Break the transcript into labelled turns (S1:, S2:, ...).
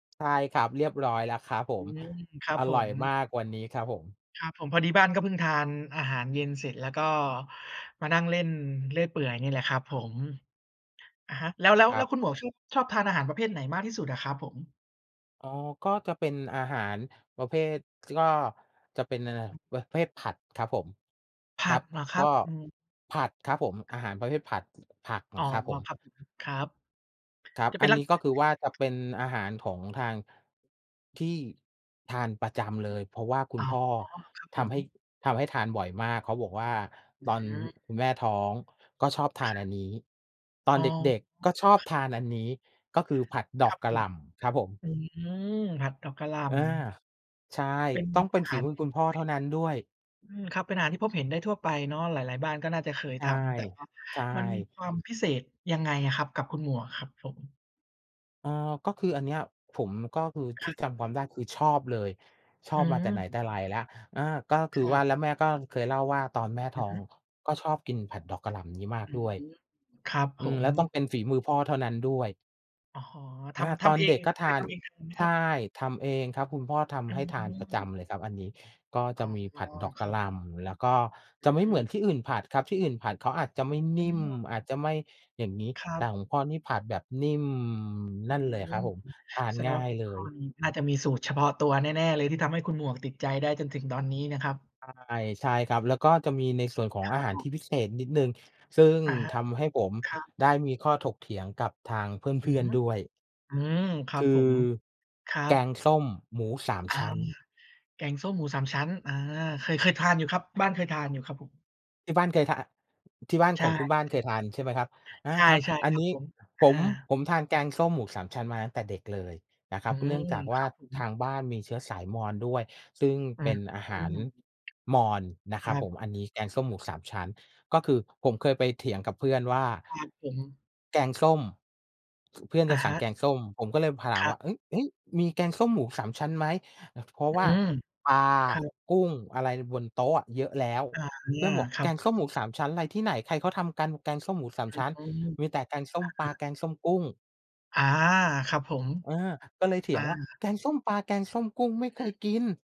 S1: ใช่ครับ เรียบร้อยแล้วครับผ
S2: อื
S1: ม
S2: ม ครับ
S1: อ
S2: ผ
S1: ร่อ
S2: ม
S1: ยมากวันนี้ครับผม
S2: ครับผม พอดีบ้านก็เพิ่งทานอาหารเย็นเสร็จ แล้วก็มานั่งเล่นเรื่อยเปื่อยนี่แหละครับผม อะฮะ แล้ว แล้ว
S1: คร
S2: แล
S1: ั
S2: ้
S1: บ
S2: วคุณหมวกชอบ ชอบทานอาหารประเภทไหนมากที่สุดอะครับผม?
S1: อ๋อ ก็จะเป็นอาหารประเภท ส ก็จะเป็น อ น เป็นประเภทผัดครับผม
S2: ผ
S1: ค
S2: ั
S1: รั
S2: ด
S1: บ
S2: เหรอค
S1: ก
S2: รั
S1: ็
S2: บ อืม?
S1: ผัดครับผม อาหารประเภทผัด ผัก
S2: อ๋อ
S1: ครับผม
S2: ครับผม ครับ
S1: ครับ
S2: จะเ
S1: อ
S2: ป็
S1: ั
S2: น
S1: น
S2: ลั
S1: น
S2: ก
S1: ี้
S2: ษณะ
S1: ก็ค
S2: ไ
S1: ือว่าจ
S2: ห
S1: ะ
S2: น?
S1: เป็นอาหารของทาง ที่ทานประจ
S2: อื
S1: ำ
S2: อ
S1: เ
S2: ฮ
S1: ล
S2: ึ
S1: ย เพราะว่าคุ
S2: อ๋
S1: ณ
S2: อ
S1: พ่อ
S2: ครับ
S1: ท
S2: ผม
S1: ำให้ ทำให้ทานบ่อยมาก เขาบอกว่า
S2: อื
S1: "ตอน
S2: อ
S1: คุณแม่ท้องก็ชอบทานอั
S2: ค
S1: นนี้ ตอ
S2: อ
S1: น
S2: ๋อ
S1: เด็ก ๆ ก็ชอบทานอันนี้" ก็คือผัดด
S2: ค
S1: อ
S2: รั
S1: ก
S2: บ
S1: ก
S2: ผ
S1: ะหล
S2: ม
S1: ่ำครับผม
S2: อืม ผัดดอกกะหล่
S1: อา
S2: ำ
S1: ใช่
S2: เป็น
S1: ต้องเป็
S2: อา
S1: นฝ
S2: ห
S1: ี
S2: าร
S1: มือ
S2: ที่
S1: คุณ
S2: พ
S1: พ่อเท่านั้นด้วย
S2: บเห็น อืม ครับ เป็นอาหารที่พบเห็นได้ทั่วไปเนาะ หลาย ๆ บ้านก็น่าจะเคย
S1: ใช
S2: ท
S1: ่
S2: ำ แต่ว่า
S1: ใช
S2: มันมี
S1: ่
S2: ความพิเศษยังไงอะครับ กับคุณหมวกอะครับผม?
S1: อ้อ ก็คืออันเนี้ย ผมก็คือ
S2: ค
S1: ท
S2: ร
S1: ี
S2: ั
S1: ่
S2: บ
S1: จำความได้ คือชอบเลย ชอ
S2: อื
S1: บมาแต่ไหนแ
S2: ม
S1: ต่ไรแล้ว อา ก็คื
S2: ค
S1: อ
S2: รั
S1: ว่า
S2: บ
S1: แล้วแม่ก็เคยเล่าว่า ตอนแม่ท
S2: อื
S1: ้อ
S2: อฮึ
S1: ง ก็ชอบกินผัดดอกกะหล่ำอย่างนี้มา
S2: อ
S1: ก
S2: ื
S1: ด
S2: ม
S1: ้วย
S2: ครับ
S1: อ
S2: ผ
S1: ืม แล
S2: ม
S1: ้วต้องเป็นฝีมือพ่อเท่านั้นด้วย
S2: อ๋อ ท
S1: อา
S2: ำ ท
S1: ตอ
S2: ำ
S1: น
S2: เอ
S1: เด
S2: ง
S1: ็กก็
S2: เค
S1: ท
S2: ย
S1: า
S2: ท
S1: น
S2: ำเองทานไหม
S1: ใช
S2: คร
S1: ่
S2: ับ?
S1: ทำเองครับ คุณพ่อท
S2: อื
S1: ำให้ทานประจ
S2: ม
S1: ำเลยครับอันนี้ ก็
S2: อ
S1: จ
S2: ๋
S1: ะ
S2: อ
S1: มีผัดดอก
S2: ค
S1: ก
S2: ร
S1: ะ
S2: ั
S1: ห
S2: บ
S1: ล่ำ แล้วก็
S2: อ
S1: จะไม่เหมื
S2: ื
S1: อ
S2: ม
S1: นที่อื่นผัดครับ ที่อื่นผัดเขาอาจจะ
S2: อ
S1: ไม
S2: ื
S1: ่นิ่ม
S2: ม
S1: อาจจะไม่อย่างนี้
S2: ครั
S1: แต
S2: บ
S1: ่คุณพ่อนี่ผัดแบบ นิ่ม
S2: อื
S1: นั่นเลยครั
S2: ม
S1: บผม ทาน
S2: แสด
S1: ง
S2: ง
S1: ่า
S2: ว่าเ
S1: ย
S2: ป็น
S1: เล
S2: ข้อ
S1: ย
S2: นี้ น่าจะมีสูตรเฉพาะตัวแน่ ๆ เลย ที่ทำให้คุณหมวกติดใจได้จนถึงตอนนี้นะครับ?
S1: ใช่ ใช่ครับ แล้วก็จะมีในส่วนของ
S2: ค
S1: อ
S2: รั
S1: า
S2: บ
S1: หา
S2: ผ
S1: รที่
S2: ม
S1: พิเศษนิดหนึ่ง ซึ่ง
S2: อะฮ
S1: ท
S2: ะ
S1: ำให้ผม
S2: ครับ
S1: ได้มีข้อถกเถียงกับทางเพ
S2: อื
S1: ื่
S2: อ
S1: อน
S2: ฮึ
S1: ๆ ด้วย
S2: อืม คร
S1: ค
S2: ับ
S1: ื
S2: ผ
S1: อ
S2: ม ครั
S1: แก
S2: บ
S1: งส้มหมูสาม
S2: อา
S1: ชั้น
S2: แกงส้มหมูสามชั้น อา เคย เคยทานอยู่ครับ บ้านเคยทานอยู่ครับผม
S1: ที่บ้านเคยทาน ที่บ้าน
S2: ใช
S1: ข
S2: ่
S1: องคุณบ้านเคยทาน ใช่ไหมครับ อา
S2: ใช่
S1: ครับ
S2: ใช่
S1: อัน
S2: ครับ
S1: นี้
S2: ผม อ
S1: ผม
S2: า
S1: ผมทานแกงส้มหมูสามชั้นมาตั้งแต่เด็กเลยนะค
S2: อ
S1: ร
S2: ื
S1: ับ เนื่อ
S2: ม
S1: งจากว
S2: ค
S1: ่
S2: ร
S1: า
S2: ับผ
S1: ท
S2: ม
S1: างบ้านมีเชื้อสายมอญด้วย ซึ่ง
S2: อื
S1: เป
S2: อ
S1: ็นอา
S2: อื
S1: หาร
S2: ม
S1: มอญนะ
S2: ค
S1: คร
S2: ร
S1: ั
S2: ั
S1: บผ
S2: บ
S1: ม อันนี้แกงส้มหมูสามชั้น ก็คือผมเคยไปเถียงกับเพื่อนว่า
S2: ครับผม
S1: แกงส้ม ส เพื่อน
S2: อ
S1: จ
S2: ะ
S1: ะส
S2: ฮ
S1: ั่ง
S2: ะ
S1: แกงส้ม ผมก็เลย พ ถ
S2: ค
S1: าม
S2: รั
S1: ว
S2: บ
S1: ่า เฮ้ย ๆ มีแกงส้มหมูสามชั้นไหม? แล้ว เพราะ
S2: อื
S1: ว่า
S2: ม
S1: ปลา
S2: ครับ
S1: กุ้ง อะไร ล บนโต๊ะอะเยอะแล้ว
S2: อะ
S1: เพ
S2: ฮ
S1: ื่อ
S2: ะ
S1: นบอก
S2: ครั
S1: "แก
S2: บ
S1: งส้มหมูสามชั้น อะไรที่ไหน ใครเขาทำกัน แกงส้มหมูสา
S2: อ
S1: มชั้น
S2: ืม
S1: มีแต่แกงส้ม
S2: อ
S1: ปล
S2: ะ
S1: า
S2: ฮะ
S1: แกงส้มกุ้ง"
S2: อา ครับผม
S1: เออ ก็เลยเถ
S2: อ
S1: ี
S2: า
S1: ยงว่า "แกงส้มปลา แกงส้มกุ้ง ไม่เ
S2: อ
S1: ค
S2: ื
S1: ย
S2: อ
S1: กิน"